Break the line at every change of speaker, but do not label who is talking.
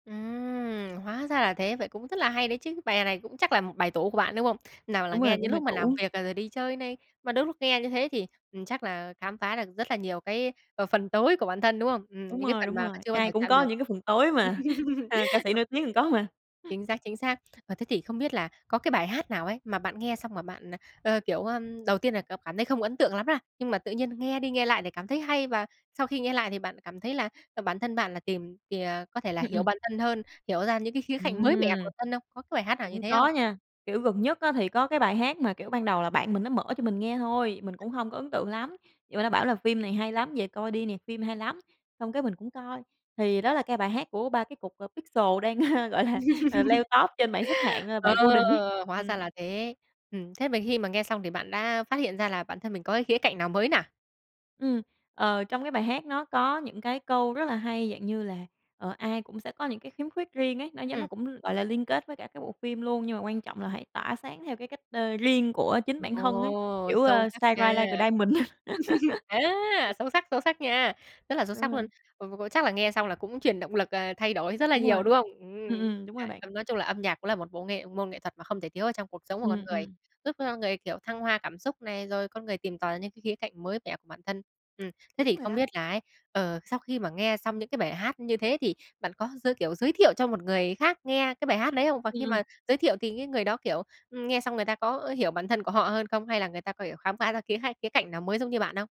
Ừm, hóa ra là thế, vậy cũng rất là hay đấy chứ, bài này cũng chắc là một bài tủ của bạn, đúng không? Nào là
Đúng
nghe
rồi.
những
Cũng bài
lúc mà làm
tủ.
việc, à, rồi đi chơi này, mà đến lúc nghe như thế thì, ừm, chắc là khám phá được rất là nhiều cái, à, phần tối của bản thân, đúng không? Ừm,
Đúng
những cái
rồi,
phần
đúng
mà
rồi,
chưa bao
ai
giờ
cũng
chạm
có
được.
những cái phần tối mà, a, ca sĩ nổi tiếng còn có mà.
Chính xác, chính xác. Ờ, thế thì không biết là có cái bài hát nào ấy, mà bạn nghe xong mà bạn, ờ, ờ, kiểu, ờm, đầu tiên là cảm cảm thấy không ấn tượng lắm, a, nhưng mà tự nhiên nghe đi nghe lại thì cảm thấy hay, và sau khi nghe lại thì bạn cảm thấy là, ờ, bản thân bạn là tìm thì, ờ, có thể là
Ừm,
hiểu
ừm.
bản thân hơn, hiểu ra những cái khía cạnh mới mẻ của
Ừm.
bản thân không? Có cái bài hát nào như
Cũng
thế không?
có nha, kiểu gần nhất á thì có cái bài hát mà, kiểu, ban đầu là bạn mình nó mở cho mình nghe thôi, mình cũng hông có ấn tượng lắm, vậy mà nó bảo là "Phim này hay lắm, về coi đi nè, phim hay lắm!" Xong cái mình cũng coi, thì đó là cái bài hát của 3 cái cục, ờ, Pixel đang, ơ, gọi là, ờ, leo top trên mạng xếp hạng, đó là
Ờ,
bài "Golden" ấy.
hóa
Ừm.
ra là thế. Ừm, thế mà khi mà nghe xong thì bạn đã phát hiện ra là bản thân mình có cái khía cạnh nào mới nà?
Ừm, ờ, trong cái bài hát nó có những cái câu rất là hay, dạng như là, ờ, ai cũng sẽ có những cái khiếm khuyết riêng ấy, nó giống
Ừm.
nó cũng, gọi là, liên kết với cả cái bộ phim luôn, nhưng mà quan trọng là hãy tỏa sáng theo cái cách, ơ, riêng của chính bản thân ấy,
Ồ,
kiểu,
sâu
ơ,
sắc
shine
nha,
bright like a diamond.
á, sâu sắc, sâu sắc nha, rất là sâu
Đúng
sắc luôn.
rồi.
Ờ, ờ, chắc là nghe xong là cũng truyền động lực, à, thay đổi rất là
Đúng
nhiều,
rồi,
đúng không?
ừm,
Ừm,
ừm, đúng
ờ,
rồi bạn.
ơ, nói chung là âm nhạc cũng là một bộ nghệ môn nghệ thuật mà không thể thiếu ở trong cuộc sống của con
Ừm,
người,
ừm.
giúp cho con người, kiểu, thăng hoa cảm xúc này, rồi con người tìm tòi những cái khía cạnh mới mẻ của bản thân. Ừm, thế
Đúng
thì
rồi
không
đó.
biết là ấy, ờ, sau khi mà nghe xong những cái bài hát như thế, thì bạn có giới kiểu, giới thiệu cho một người khác nghe cái bài hát đấy không? Và
Ừm,
khi
ừm.
mà giới thiệu thì cái người đó, kiểu, ừm, nghe xong người ta có, ơ, hiểu bản thân của họ hơn không? Hay là người ta có hiểu khám phá ra khía hay khía cạnh nào mới giống như bạn không?